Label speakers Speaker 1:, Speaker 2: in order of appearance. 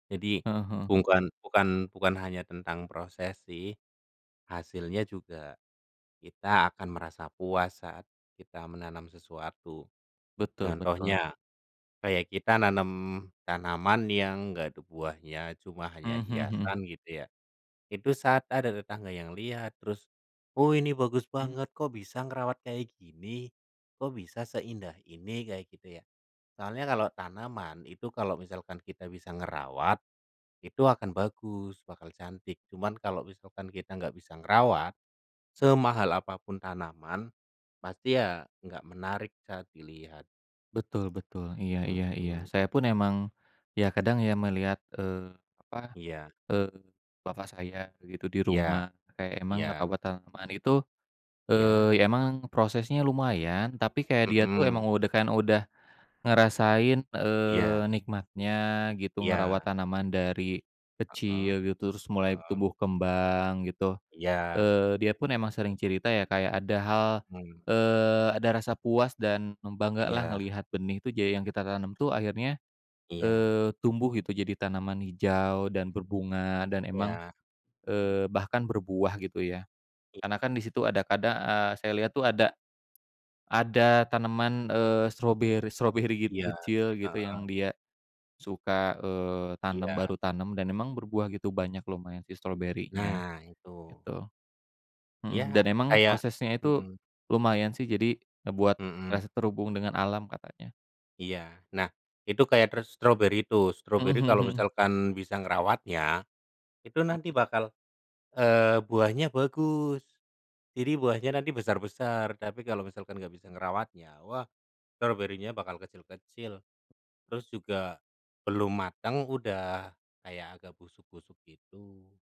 Speaker 1: Jadi,
Speaker 2: Heeh, heeh.
Speaker 1: bukan bukan bukan hanya tentang proses sih. Hasilnya juga, kita akan merasa puas saat kita menanam sesuatu.
Speaker 2: Betul, betul.
Speaker 1: Contohnya, kayak kita nanem tanaman yang enggak ada buahnya, cuma hanya
Speaker 2: Mhm mhm mhm.
Speaker 1: hiasan gitu, ya. Itu saat ada tetangga yang lihat, terus, “Oh, ini bagus
Speaker 2: Mhm.
Speaker 1: banget, kok bisa ngerawat kayak gini? Kok bisa seindah ini?” Kayak gitu, ya. Soalnya, kalau tanaman itu, kalau misalkan kita bisa ngerawat, itu akan bagus, bakal cantik. Cuman, kalau misalkan kita enggak bisa ngerawat, semahal apa pun tanaman, pasti ya enggak menarik saat dilihat.
Speaker 2: Betul betul, iya
Speaker 1: Mhm,
Speaker 2: iya iya.
Speaker 1: mhm.
Speaker 2: Saya pun, emang ya, kadang ya, melihat, eee, apa,
Speaker 1: Iya.
Speaker 2: eee, Bapak saya begitu di
Speaker 1: Ya,
Speaker 2: rumah. Kayak emang
Speaker 1: iya.
Speaker 2: ngerawat tanaman itu,
Speaker 1: Iya.
Speaker 2: eee, emang prosesnya lumayan, tapi kayak dia tuh
Speaker 1: Mhm.
Speaker 2: emang udah, kan, udah ngerasain, eee,
Speaker 1: Iya.
Speaker 2: nikmatnya gitu ngerawat
Speaker 1: Iya.
Speaker 2: tanaman dari
Speaker 1: Heeh,
Speaker 2: kecil gitu, terus mulai
Speaker 1: heeh.
Speaker 2: tumbuh kembang gitu,
Speaker 1: Iya.
Speaker 2: eee, dia pun emang sering cerita, ya, kayak ada hal,
Speaker 1: Mhm.
Speaker 2: eee, ada rasa puas dan bangga lah
Speaker 1: Iya.
Speaker 2: ngelihat benih itu jadi yang kita tanam tuh akhirnya,
Speaker 1: Iya.
Speaker 2: eee, tumbuh gitu, jadi tanaman hijau dan berbunga, dan emang,
Speaker 1: Ya.
Speaker 2: eee, bahkan berbuah gitu, ya.
Speaker 1: I
Speaker 2: Karena kan di situ ada, kadang, eee, saya lihat tuh ada ada tanaman, eee, strawberry-strawberry
Speaker 1: Iya,
Speaker 2: kecil gitu
Speaker 1: Heeh.
Speaker 2: yang dia suka, eee, tanam,
Speaker 1: Iya.
Speaker 2: baru tanam, dan memang berbuah gitu, banyak lumayan sih strawberrynya.
Speaker 1: Nah, itu.
Speaker 2: gitu, heeh, dan
Speaker 1: Ya
Speaker 2: emang
Speaker 1: kayak
Speaker 2: prosesnya itu
Speaker 1: mhm.
Speaker 2: lumayan sih, jadi ngebuat
Speaker 1: Mhm.
Speaker 2: rasa terhubung dengan alam, katanya.
Speaker 1: Iya. Nah, itu kayak ter strawberry itu.
Speaker 2: Mhm
Speaker 1: Strawberry
Speaker 2: mhm
Speaker 1: kalau
Speaker 2: mhm.
Speaker 1: misalkan bisa ngerawatnya, itu nanti
Speaker 2: Mhm.
Speaker 1: bakal, eee, buahnya bagus. Jadi, buahnya nanti besar-besar. Tapi kalau misalkan enggak bisa ngerawatnya, wah, strawberry-nya bakal kecil-kecil. Terus juga, belum matang, udah kayak agak busuk-busuk gitu.